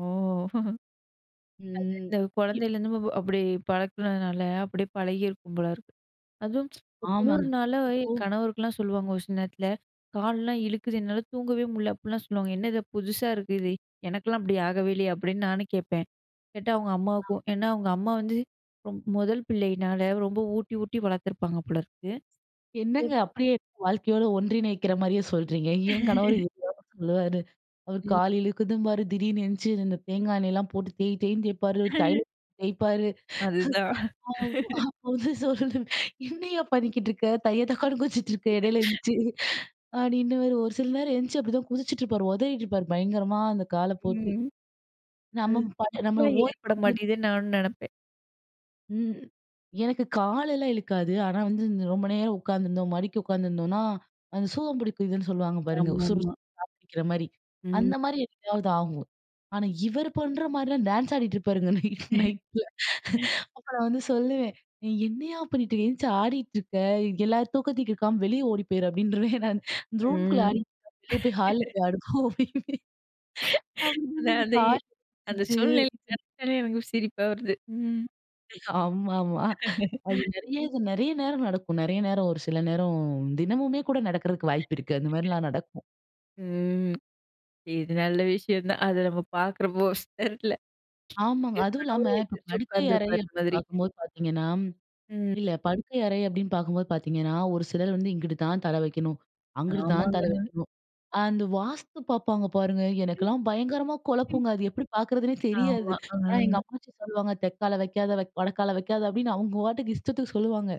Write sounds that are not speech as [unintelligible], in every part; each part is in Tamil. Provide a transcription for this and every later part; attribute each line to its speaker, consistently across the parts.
Speaker 1: ஓ. [chuckles] அது
Speaker 2: ம்.
Speaker 1: வந்து
Speaker 2: இ
Speaker 1: குழந்தையிலருந்து வ வ அப்படி பழக்குனதுனால, அப்படி பழகியிருக்கும் போல இருக்கு. அதுவும்,
Speaker 2: ஆமாங்க.
Speaker 1: குளுர்னால
Speaker 2: இப்போ
Speaker 1: என் கணவருக்குலாம் சொல்லுவாங்க ஒரு சில நேரத்துல, "கால்லாம் இழுக்குது, என்னால தூங்கவே முட்ல." அப்புட்லாம் சொல்லுவாங்க. "என்ன இது புதுசா இருக்கு? இது எனக்குலாம் அப்படி ஆகவே இல்லையே?" அப்படி நானும் கேட்பேன். கேட்டா அவுங்க
Speaker 2: ஆ.
Speaker 1: அம்மாவுக்கும் ஏன்னா, அவுங்க அம்மா வந்து ரொம் முதல் பிள்ளையினால ரொம்ப ஊட்டி ஊட்டி வளர்த்துருப்பாங்க போலருக்கு.
Speaker 2: என்னங்க,
Speaker 1: [unintelligible]
Speaker 2: அப்படியே வாழ்க்கையோட ஒன்றிணைக்கிற மாரியே சொல்றீங்க. என் கணவரும்
Speaker 1: [laughs]
Speaker 2: இதே தாங்க சொல்லுவாரு. அவர்
Speaker 1: ம்.
Speaker 2: கால் இழுக்குதும்பாரு, திடீர்ன்னு எந்திச்சு இந்தந்த தேங்கா எண்ணெயல்லாம் போட்டு தேய் தேய்ன்னு தேய்ப்பாரு.
Speaker 1: [laughs]
Speaker 2: தைலத்த தேய்ப்பாரு.
Speaker 1: அதுதான். [laughs]
Speaker 2: அப்ப வந்து சொல்லுவேன், "என்னய்யா பண்ணிக்கிட்ருக்க? தைய தக்கான்னு குதிச்சிட்ருக்க எடையில
Speaker 1: [laughs]
Speaker 2: எழுந்துருச்சு." அப்படீன்னுவாரு. ஒரு சில நேரம் எழுந்துச்சு அப்படிதான் குதிச்சிட்டுப்பாரு. ஒதறிட்டுருப்பார் பயங்கரமா, அந்த கால போட்டு.
Speaker 1: ம். அது
Speaker 2: நம்ம பாட்டு நம்பள
Speaker 1: [unintelligible]
Speaker 2: ஓய்வு
Speaker 1: ஏற்பட
Speaker 2: வந்து
Speaker 1: மாட்டேதுன்னு
Speaker 2: [unintelligible]
Speaker 1: நானும் நெனைப்பேன்.
Speaker 2: ம். எனக்கு காலெல்லாம் இழுக்காது. ஆனா வந்து, இந்த ரொம்ப நேரம் உட்காந்துருந்தோம், மடக்கி உட்காந்துருந்தோம்ன்னா, அந்த சூகம் புடிக்குதுன்னு சொல்லுவாங்க பாருங்க. சுறு
Speaker 1: ஆமாமா.
Speaker 2: சுறுன்னு [unintelligible] புடிக்கிற மாரி,
Speaker 1: ம்.
Speaker 2: அந்த மாரி எப்பயாவது ஆகும். ஆனா இவர் பண்ற மாரில்லாம் டான்ஸ் ஆடிட்டு இருப்பாருங்க நைட் நைட்ல.
Speaker 1: [laughs]
Speaker 2: அப்ப நா வந்து சொல்லுவேன், "நீ என்னைய்யா பண்ணீட்டுருக்க? எந்திச்சு ஆடிட்ருக்க? எல்லார் தூக்கத்தையும் கெடுக்காம, வெளிய ஓடி போயிரு." அப்படீன்றுவேன் நான். இந்த ரூம்குள்ள
Speaker 1: ம்.
Speaker 2: ஆடிட்ருப்பாரு, "வெளிய போய் ஹால்ல
Speaker 1: [laughs]
Speaker 2: போய் ஆடு போ." அப்படீம்பேன்.
Speaker 1: அந்த அந்த இ அந்த சூழ்நிலை
Speaker 2: [unintelligible]
Speaker 1: நெனச்சாலே எனக்கு சிரிப்பா வருது. ம்.
Speaker 2: ஆமா, ஆமா. அது
Speaker 1: [laughs]
Speaker 2: நெறைய, இது நெறைய நேரம் நடக்கும். நெறைய நேரம் ஒரு சில நேரம் தினமுமே கூட நடக்கறதுக்கு வாய்ப்பு இருக்கு. அந்த
Speaker 1: [unintelligible]
Speaker 2: மாதிரிலாம் நடக்கும்.
Speaker 1: ம். இது நல்ல விஷயம்தான். அது நம்ம பார்க்கறப்போ ஸ் தெர்ல.
Speaker 2: ஆமாங்க.
Speaker 1: எங்க
Speaker 2: அதுவும் இல்லாம
Speaker 1: கணவரும்
Speaker 2: இப்ப
Speaker 1: எந்திரிச்சு
Speaker 2: படுக்கை அறைய
Speaker 1: உட்கார்ந்திருப்பார் அந்த மாதிரி.
Speaker 2: பாக்கும்போது பாத்தீங்கன்னா,
Speaker 1: ம்.
Speaker 2: இல்ல படுக்கை அறை அப்படீன்னு பாக்கும்போது பாத்தீங்கன்னா, ஒரு சிலர் வந்து இங்குட்டு தான் தலை வைக்கணும், அங்குட்டு தான் தலை
Speaker 1: ஆமாங்க.
Speaker 2: வைக்கணும். அந்த வாஸ்து பாப்பாங்க பாருங்க! எனக்குல்லாம் பயங்கரமா கொழப்புங்க அது. எப்படி பாக்குறதுன்னே தெரியாது.
Speaker 1: ஆமா.
Speaker 2: ஆனா எங்க
Speaker 1: ம்.
Speaker 2: அப்பச்சி சொல்லுவாங்க, "தெக்கால வைக்காத, வைக் வடக்கால வைக்காத." அப்படீன்னு அவங்க வாட்டுக்கு இஷ்டத்துக்கு சொல்லுவாங்க.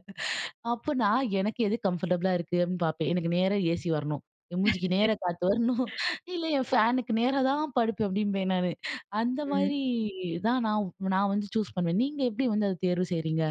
Speaker 2: அப்ப நா எனக்கு எது கம்ஃபர்டபுலா இருக்கு அப்படீன்னு பாப்பேன். எனக்கு நேரா ஏசி வரணும். என் மூஞ்சிக்கு நேர காத்து வரணும்.
Speaker 1: [laughs]
Speaker 2: "இல்ல, என் ஃபேனுக்கு நேரா தான் படுப்பேன்" அப்படீம்பேன் நானு. அந்த
Speaker 1: ம்.
Speaker 2: மாதிரி தான் நா நா வந்து சூஸ் பண்ணுவேன். நீங்க எப்படி வந்து அத தேர்வு செய்றீங்க?